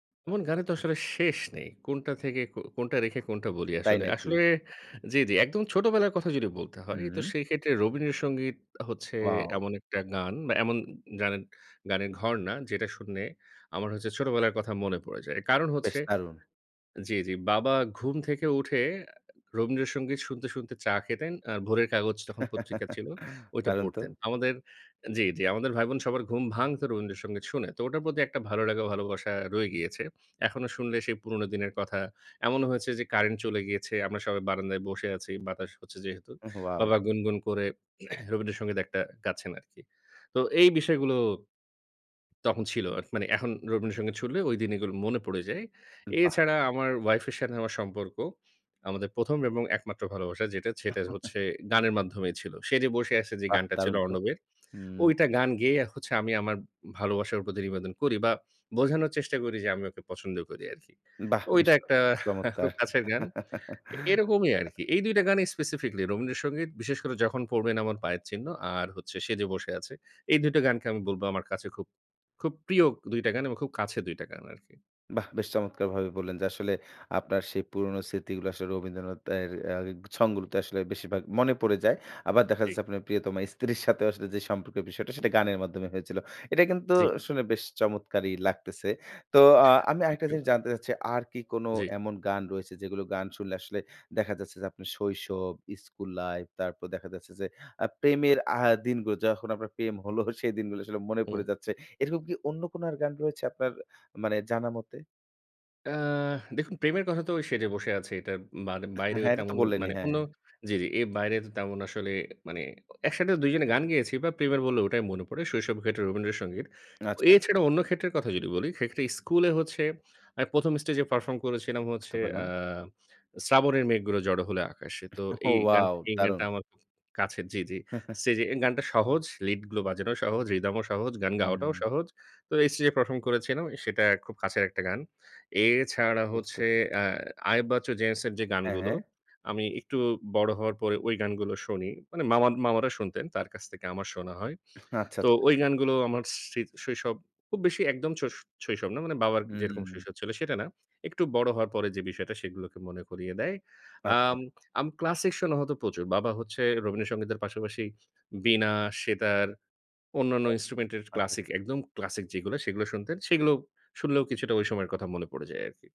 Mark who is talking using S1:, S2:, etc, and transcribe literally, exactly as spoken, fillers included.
S1: এমন গানের তো আসলে শেষ নেই। কোনটা থেকে কো কোনটা রেখে কোনটা বলি
S2: তাই
S1: আসলে।
S2: নাকি?
S1: আসলে জি, জি। একদম ছোটবেলার কথা যদি বলতে হয়? তো
S2: হুম।
S1: সেই ক্ষেত্রে 'রবীন্দ্র সঙ্গীত' হচ্ছে
S2: ওয়াও!
S1: এমন একটা গান বা এমন গানের গানের ঘরনা, যেটা শুনে আমার হচ্ছে ছোটবেলার কথা মনে পড়ে যায়। কারণ
S2: বেশ
S1: হচ্ছে
S2: দারুণ!
S1: জি, জি। বাবা ঘুম থেকে উঠে 'রবীন্দ্র সঙ্গীত' শুনতে, শুনতে চা খেতেন। আর 'ভোরের কাগজ' তখন পত্রিকা ছিল, ওইটা
S2: দারুণ তো!
S1: পড়তেন। আমাদের জি, জি। আমাদের ভাইবোন সবার ঘুম ভাঙত 'রবীন্দ্র সঙ্গীত' শুনে। তো ওটার প্রতি একটা ভালো লাগা ও ভালোবাসা রয়ে
S2: উহ।
S1: গিয়েছে। এখনো শুনলে সেই পুরোনো দিনের কথা। এমনও হয়েছে যে কারেন্ট চলে গিয়েছে। আমরা সবাই বারান্দায় বসে আছি। বাতাস হচ্ছে যেহেতু।
S2: ওয়াও!
S1: বাবা গুনগুন করে 'রবীন্দ্র সঙ্গীত' একটা গাচ্ছেন আরকি। তো এই বিষয়গুলো তখন ছিল। আ মানে এখন 'রবীন্দ্র সঙ্গীত' শুনলে ঐদিন এগুলো মনে পড়ে যায়।
S2: উ বাহ!
S1: এছাড়া আমার ওয়াইফের সাথে আমার সম্পর্ক, আমাদের প্রথম এবং একমাত্র ভালোবাসা যেটা সেটা হচ্ছে, গানের মাধ্যমেই ছিল। "সে যে বসে আছে" যে
S2: বাহ!
S1: গানটা ছিল
S2: দারুণ তো।
S1: 'অর্ণবের',
S2: হুম।
S1: ঐটা গান গেয়ে হচ্ছে আমি আমার ভালোবাসার প্রতি নিবেদন করি বা বোঝানোর চেষ্টা করি যে, আমি ওকে পছন্দ করি আরকি।
S2: বাহ!
S1: ঐটা
S2: বুঝতে পারলাম।
S1: একটা খুব
S2: চমৎকার!
S1: কাছের গান। এরকমই আরকি। এই দুইটা গানেই স্পেসিফিকলি, 'রবীন্দ্র
S2: হু।
S1: সঙ্গীত' বিশেষ করে, "যখন পড়বেন আমার পায়ের চিহ্ন" আর হচ্ছে, "সেজে বসে আছে।" এই দুইটা গানকে আমি বলব আমার কাছে খুব খুব প্রিয় দুই টা গান এবং খুব কাছে দুই টা গান আরকি।
S2: বাহ! বেশ চমৎকারভাবে বললেন যে আসলে, আপনার সেই পুরনো স্মৃতিগুলো আসলে রবীন্দ্রনাথের অ্যা ছং গুলোতে আসলে বেশিরভাগ মনে পড়ে যায়। আবার দেখা
S1: ঠিক।
S2: যাচ্ছে আপনার প্রিয়তমা স্ত্রীর সাথেও আসলে যে সম্পর্কের বিষয়টা, সেটা গানের মাধ্যমে হয়েছিল। এটা কিন্তু
S1: জি।
S2: শুনে বেশ চমৎকারই লাগতেছে। তো আ আমি
S1: থ্যাংক
S2: আরেকটা
S1: ইউ।
S2: জিনিস জানতে চাচ্ছি, আর কি কোন
S1: জি।
S2: এমন গান রয়েছে, যেগুলো গান শুনলে আসলে দেখা যাচ্ছে যে, আপনার শৈশব, স্কুল লাইফ তারপর দেখা যাচ্ছে যে, আ প্রেমের আ দিনগুলো যখন আপনার প্রেম হল, সেই দিনগুলো আসলে মনে
S1: হুম।
S2: পড়ে যাচ্ছে। এরকম কি অন্য কোন আর গান রয়েছে আপনার মানে জানামতে?
S1: আহ দেখুন প্রেমের কথা তো "সেজে বসে আছে" এটার বান
S2: এহ
S1: বাইরেও
S2: হ্যাঁ, এটা তো
S1: তেমন
S2: বললেনই।
S1: মানে
S2: হ্যাঁ।
S1: অন্য জি, জি। এর বাইরে তো তেমন আসলে মানে একসাথে দুইজনে গান গেয়েছি বা প্রেমের বললে, ওটাই মনে পড়ে। শৈশবে হয়তো 'রবীন্দ্র সঙ্গীত'।
S2: আচ্ছা।
S1: এছাড়া অন্য ক্ষেত্রের কথা যদি বলি, সেক্ষেত্রে স্কুলে হচ্ছে আমি প্রথম স্টেজে পারফর্ম করেছিলাম
S2: বুঝতে
S1: হচ্ছে,
S2: পারলাম।
S1: অ্যা "শ্রাবণের মেঘগুলো জড়ো হল আকাশে।" তো এই গান,
S2: ওয়াও!
S1: এই গানটা
S2: দারুণ!
S1: আমার খুব কাছের জি, জি। স্টেজে, এই গানটা সহজ, লিড গুলো বাজানোও সহজ, rhythm ও সহজ, গান গাওয়াটাও
S2: হুম।
S1: সহজ। তো স্টেজে পারফর্ম করেছিলাম, সেটা খুব কাছের একটা গান। এছাড়া
S2: বুঝতে
S1: হচ্ছে
S2: পেরেছি।
S1: অ্যা আয়েব বাচ্চু, জেমস এর যে
S2: হ্যাঁ,
S1: গানগুলো,
S2: হ্যাঁ।
S1: আমি একটু বড় হওয়ার পরে ঐ গানগুলো শুনি। মানে মাম মামারা শুনতেন, তার কাছ থেকে আমার শোনা হয়।
S2: আচ্ছা,
S1: তো
S2: আচ্ছা।
S1: ওই গানগুলো আমার স্ত্রীর শৈশব, খুব বেশি একদম শৈ শৈশব না, মানে বাবার যেরকম
S2: হুম।
S1: শৈশব ছিল সেটা না। একটু বড় হওয়ার পরে যে বিষয়টা, সেগুলোকে মনে করিয়ে দেয়।
S2: আচ্ছা।
S1: আম আমি ক্লাসিক শোনা হয়তো প্রচুর। বাবা হচ্ছে 'রবীন্দ্র সংগীতের' পাশাপাশি বীণা, সেতার অন্যান্য
S2: আচ্ছা,
S1: ইন্সট্রুমেন্টের
S2: আচ্ছা, আচ্ছা।
S1: ক্লাসিক, একদম ক্লাসিক যেগুলো, সেগুলো শুনতেন। সেগুলো শুনলেও কিছুটা ঐ সময়ের কথা মনে পড়ে যায় আরকি।